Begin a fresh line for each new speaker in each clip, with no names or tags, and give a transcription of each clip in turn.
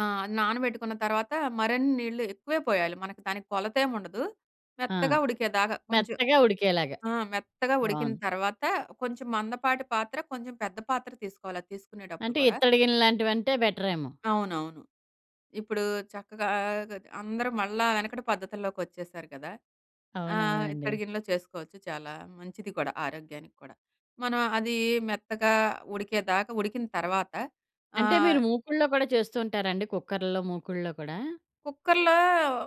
ఆ! నానబెట్టుకున్న తర్వాత మరన్ని నీళ్ళు ఎక్కువే పొయ్యాలి. మనకి దానికి కొలతేముండదు,
ఆ!
మెత్తగా ఉడికేదాకా కొంచెం.
మెత్తగా ఉడికేలాగా
ఆ! మెత్తగా ఉడికిన
బావుంది.
తర్వాత, కొంచెం మందపాటి పాత్ర, కొంచెం పెద్ద పాత్ర తీసుకోవాలది తీసుకునేటప్పుడు
అంటే,
కూడా.
ఇత్తడి గిన్నెల్లాంటివంటే బెటరేమో!
అవునవును. ఇప్పుడూ చక్కగా, గది అందరూ మళ్ళా వెనకటి పద్ధతుల్లోకొచ్చేశారు కదా! ఆహ్,
అవునవునండి.
ఇత్తడిగిన్నె‌లో చేసుకోవచ్చు. చాలా మంచిది కూడా, ఆరోగ్యానికి కూడా. మనం అదీ మెత్తగా ఉడికేదాకా ఉడికిన తర్వాత
అంటే
ఆహ్
మీరు మూకుడ్లో గూడా చేస్తు ఉంటారండి? కుక్కరులో, మూకుడ్లో కూడా?
కుక్కర్‌లో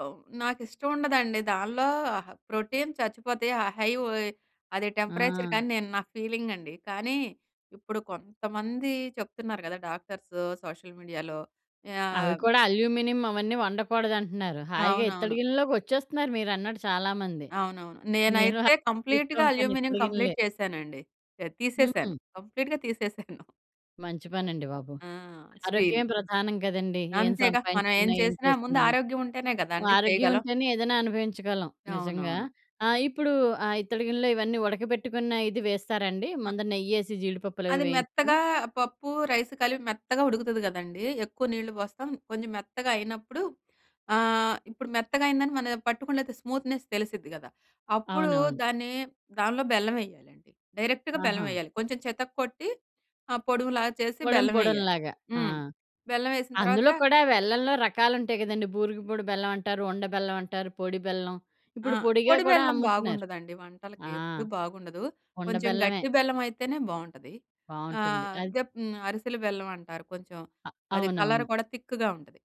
హ్మ్, నాకిష్టముండదండి. దానిలో అహ, ప్రోటీన్ చచ్చిపోతాయి. ఆ హై వోయి అదే
ఆ!
టెంపరేచర్‌కనీ నేను నా ఫీలింగండి. కానీ, ఇప్పుడు కొంతమంది చెప్తున్నారు కదా! డాక్టర్స్ సోషల్ మీడియాలో
అవి
యాహ్
కూడా అల్యూమినియం అవన్నీ వండకూడదంటున్నారు. హాయిగా ఇత్తడి
అవునవును.
గిన్నెల్లోకొచ్చేస్తున్నారు మీరన్నట్టు చాలా మంది.
అవునవును.
నేను [unintelligible]
నేనైతే కంప్లీటుగా
చూస్తుంటాను
అల్యూమినియం
ఇత్తడి
కంప్లీట్
గిన్నెలే.
చేశానండి. యాహ్,
హ్మ్.
తీసేసాను. కంప్లీట్‌గా తీసేసాను.
మంచి పనండి బాబు.
ఆ!
ఆరోగ్యమే
స్టీలియి
ప్రధానం కదండీ! ఏం
అంతేగా! మనం ఏం
సంపాయించుకున్నా? ఏం
చేసినా,
చేస్తున్నా?
ముందారోగ్యం ఉంటేనే గదండీ
ఆరోగ్యం
చేయగలం.
ఉంటేనే ఏదైనా అనుభవించగలం. నిజంగా
అవునవును.
ఆహ్, ఇప్పుడు ఆహ్, ఇత్తడి గిన్నలో ఇవన్నీ ఉడకబెట్టుకున్న ఇది వేసేస్తారండి?
ఆ!
ముందర నెయ్యేసి, జీడిపప్పులు అవి
అది
వేయించుకుని.
మెత్తగా పప్పు, రైసు కలిపి మెత్తగా ఉడుకుతది గదండీ! ఎక్కువ నీళ్ళు పోస్తాం, కొంచెం మెత్తగా అయినప్పుడు, ఆహ్, ఇప్పుడు మెత్తగయిందని మనయా పట్టుకొని లేతే స్మూత్‌నెస్ తెలిసిద్ది గదా! అప్పుడూ
అవునవును.
దాన్నీ దాన్లో బెల్లమెయ్యాలండి. డైరెక్ట్‌గా
ఆహా!
బెల్లమెయ్యాలి. కొంచెం చితక్కొట్టి, ఆహ్, పొడుములా చేసి
పొడుం పొడుం
బెల్లమెయ్యాలి.
లాగా. ఆ!
హ్మ్. బెల్లమేసిన తర్వాత
అందులో కూడా వెల్లంలో రకాలుంటాయి గదండీ, బూరుగుపూడి బెల్లమంటారు, ఉండ బెల్లమంటారు, పొడి బెల్లం,
ఆ!
ఇప్పుడు పొడిగా
పొడి
కూడా
బెల్లం
అమ్ముతున్నారు.
బాగుండదండి వంటలకి,
ఆ!
ఎప్పుడూ బాగుండదు.
ఉండ
కొంచెం
బెల్లమే.
గట్టి బెల్లమయితేనే బావుంటది.
బావుంటుంది.
ఆహ్,
అది
దెప్ హ్మ్, అరిసెల బెల్లమంటారు కొంచెం, అది కలర్
అవునవును.
కూడా థిక్కుగా ఉంటది.